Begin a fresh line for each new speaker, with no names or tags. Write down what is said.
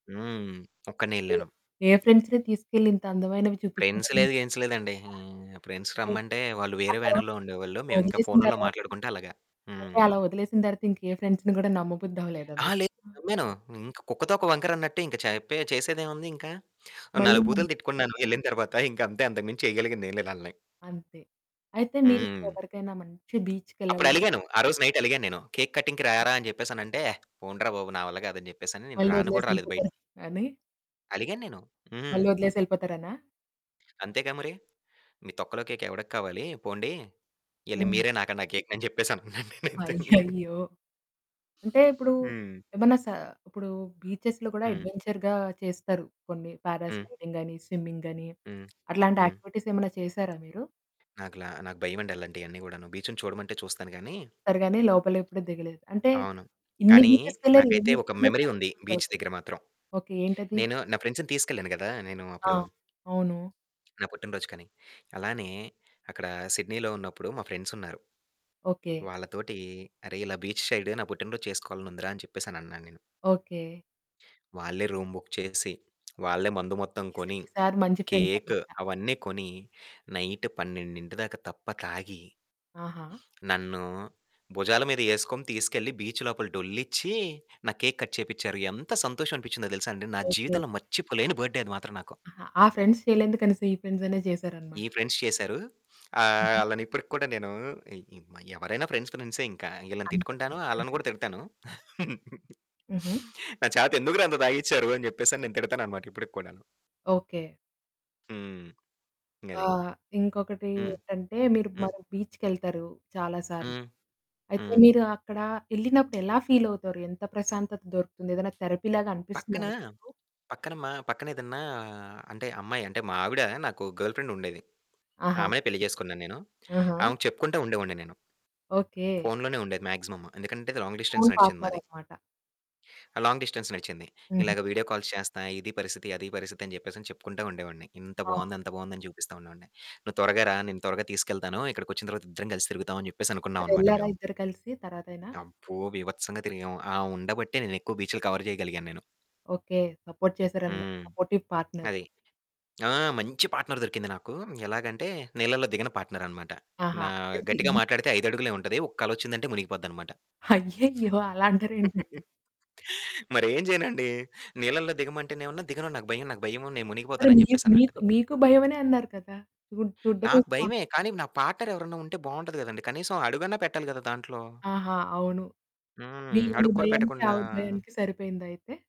హ్మ్. ఒక్కడినే
అయ్యో!
ఎళ్ళాను.
ఏ ఫ్రెండ్స్‌ని తీసుకెళ్లి ఇంతందమైనవి
ఫ్రెండ్స్
చూపిస్తున్నారు? [unintelligible]
లేదు గిన్స్ లేదండి.
చెప్పిందా?
హ్మ్. ఫ్రెండ్స్
ది
రమ్మంటే వాళ్ళు
ఆ
వేరే
తరవాత,
వ్యానుల్లో ఉండేవాళ్ళు. మేమింకా
వదిలేసిన
ఫోనుల్లొ
తర్వాత హ్మ్,
మాట్లాడుకుంటూ అలాగా. హ్మ్.
అంటే అలా వదిలేసిన తరువాత ఇంకే ఫ్రెండ్స్‌ని కూడా నమ్మబుద్దవ్వలేదా
అహా!
మీకు?
లేదు నమ్మాను. ఇంక కుక్క తోక వంకరన్నట్టు ఇంక చెప్పె చేసేదేముంది ఇంక. ఓ
మళ్ళీ
నాలుగు బూతులు
నమ్మి
తిట్టుకున్నాను ఎళ్ళిన తర్వాత. ఇంక అంతే అంతకు మించి చేయగలిగిందేం లేదు ఆళ్ళని.
అంతే. అయితే మీరు
హ్మ్.
ఎవరికైనా మంచి బీచ్‌కెళ్ళాలి [unintelligible]
అప్పుడలిగాను. ఆ రోజు నైట్ అలిగాను నేను. "కేక్ కటింగ్‌కి
ఓకే.
రారా" అని చెప్పేసనంటే, "పొండ్రా బాబు! నా వల్ల కాదు" అని చెప్పేసని నేను
మళ్ళి
రాను కూడా రాలేదు
ఒదిలేసెళ్ళిపోతారు
బయటికి.
అని...
అలిగాను నేను.
మళ్ళి
హ్మ్.
ఒదిలేసెళ్ళిపోతారనా?
అంతేగా మరి. "మీ తొక్కలో కేక్ ఎవడికి కావాలి, పొండి, ఎళ్లి
హ్మ్.
మీరే నాకండి ఆ కేక్‌ని" అని చెప్పేసనంటున్నాను నేనైతే.
అయ్యయ్యో! అంటే ఇప్పుడు
హ్మ్.
ఏమన్నా స ఇప్పుడు బీచెస్‌లో కూడా
హ్మ్.
అడ్వెంచర్‌గా చేస్తారు. కొన్ని
హ్మ్.
పారాస్లైడింగ్ అని, స్విమ్మింగ్ అని,
హ్మ్.
అట్లాంటి
హ్మ్.
యాక్టివిటీస్ ఏమన్నా చేసారా మీరు?
నాకు లా నాకు భయవండి అలాంటియన్ని కూడాను. బీచుని చూడమంటే చూస్తాను గానీ
వెళ్తారు గానీ లోపలెప్పుడు దిగలేదు. అంటే
అవును.
ఇన్ని
కానీ
బీచెస్‌కెళ్ళరు
నాకైతే ఒక
ఇన్నిసార్లు
మెమరీ
ట్రై
ఉంది. బీచ్
చేయబుద్ధవుతాదా?
దగ్గర మాత్రం.
ఓకే. ఏంటది?
నేను నా ఫ్రెండ్స్‌నీ తీసుకెళ్ళాను గదా నేను
ఆ!
అప్పుడు
అవును.
నా పుట్టినరోజుకని. అలానే అక్కడ 'సిడ్నీలో' ఉన్నప్పుడు మా ఫ్రెండ్సున్నారు.
ఓకే.
వాళ్ళతోటి, "అరె! ఇలా బీచ్ సైడు నా పుట్టినరోజు చేసుకోవాలనుందిరా" అని చెప్పేసని అన్నాను నేను.
ఓకే.
వాళ్ళే రూమ్ బుక్ చేసి, వాళ్ళే మందు మొత్తం
ఈ సా
కొని,
ఈ సారి మంచి ఫ్రెండ్స్
కేకు
అనమాట.
అవన్నీ కొని నైట్ 12 దాకా తప్ప తాగి...
ఆహా!
నన్ను భుజాల మీద ఏసుకొని తీసుకెళ్ళి బీచ్ లోపల డొలిచ్చి నా కేక్ కట్ చేపించారు. ఎంత సంతోషం అనిపించిందో తెలుసా అండి? నా
ఓకే.
జీవితంలో మర్చిపోలేని బర్త్‌డే అది మాత్రం నాకు.
అహా! ఆ ఫ్రెండ్స్ చేయలేందుకనేసి, కనీసం ఈ ఫ్రెండ్స్ అయిన
ఈ
చేసారనమాట.
ఫ్రెండ్స్ చేసారు. ఆహ్,
హుహు.
ఆళ్ళనిప్పటికి కూడా నేను ఈ మ ఎవరైనా ఫ్రెండ్స్ ఫ్రెండ్సే ఇంక. ఇళ్ళని
అంత పెన్
తిట్టుకుంటాను, ఆళ్ళను కూడా
ఫ్రెండ్స్‌యేగా.
తిడతాను.
హుహు.
"నా చేత ఎందుకు రా అంత తాగిచ్చారు?" అని చెప్పేసి నేను తిడతాననమాట ఇప్పటికి కూడాను.
ఓకే.
హ్మ్.
ఆ!
ఇంగది.
ఇంకొకటి
హ్మ్.
ఏంటంటే మీరు
హ్మ్.
మరో బీచ్‌కెళ్తారు చాలా సార్లు.
హ్మ్.
అయితే
హ్మ్.
మీరు అక్కడ ఎళ్ళినప్పుడు ఎలా ఫీలవుతారు? ఎంత ప్రశాంతత దొరుకుతుంది? ఏదైనా థెరపీలాగా అనిపిస్తుందా
పక్కన,
మీకు?
పక్కన మా పక్కనేదన్నా అంటే అమ్మాయి అంటే మా ఆవిడ నాకు గర్ల్ ఫ్రెండ్ ఉండేది.
ఆహా!
ఆమెనే పెళ్లి చేసుకున్నాను నేను.
ఆహా!
ఆమెకు చెప్పుకుంట ఉండేవాడిని నేను.
ఓకే.
ఫోనులోనే ఉండేది మాక్సిమం. ఎందుకంటే లాంగ్
ఓన్
డిస్టెన్స్ నడిచింది
పార్ట్‌నర్
మాది.
అనమాట.
ఆ! లాంగ్ డిస్టెన్స్ నడిచింది.
హుహు.
ఇలాగ వీడియో కాల్స్ చేస్తా, ఇది పరిస్థితి, అది పరిస్థితి, అని చెప్పేసని చెప్పుకుంటా ఉండేవాడిని. ఇంత
ఆ!
బావుంది, అంత బావుందని చూపిస్తా ఉండేవాడిని. "నువ్వు త్వరగా రా, నేను త్వరగా తీసుకెళ్తాను. ఇక్కడికొచ్చిన తర్వాత ఇద్దరం కలిసి తిరుగుదాం." అని చెప్పేసనుకున్నావనమాట
మరెళ్లారా
మేము.
ఇద్దరు కలిసి తర్వాతైనా?
అబ్బో! బీభత్సంగా తిరిగాము. ఆవుండ బట్టే నేను ఎక్కువ బీచులు కవర్ చేయగలిగాను నేను.
ఓకే. సపోర్ట్ చేసారనమాట.
హ్మ్
సపోర్టివ్ పార్ట్‌నర్.
అది. ఆ! మంచి పార్ట్‌నర్ దొరికింది నాకు. ఎలాగంటే నీళ్ళల్లో దిగని పార్ట్‌నర్ అనమాట.
ఆహా!
నా
ఇద్దరికి
గట్టిగా మాట్లాడితే 5 అడుగులే ఉంటది. ఒక్క అలొచ్చిందంటే మునిగిపోద్దనమాట.
అయ్యయ్యో! అలా అంటారేంటండి?
మరి ఏం చేయనండి? నీళ్ళల్లో దిగమంటేనేమన్న, "దిగను. నాకు భయం, నాకు భయం నేను
మరి
మునిగిపోతాను" అని
మీకు మీకు
చెప్పేసనంటది.
మీకు భయమనే అన్నారు కదా? చూ చూడడమే
నాకు భయమే.
ఇష్టమన్నారుగా?
కానీ నా పార్ట్‌నర్ ఎవరైనా ఉంటే బావుంటది కదండీ! కనీసం అడుగన్నా పెట్టాలి గదా దాంట్లో.
ఆహా! అవును.
హ్మ్.
మీ మీ
అడుగు కూడా
భయానికి
పెట్టకుండా
ఆవిడ భయానికి సరిపోయిందైతే.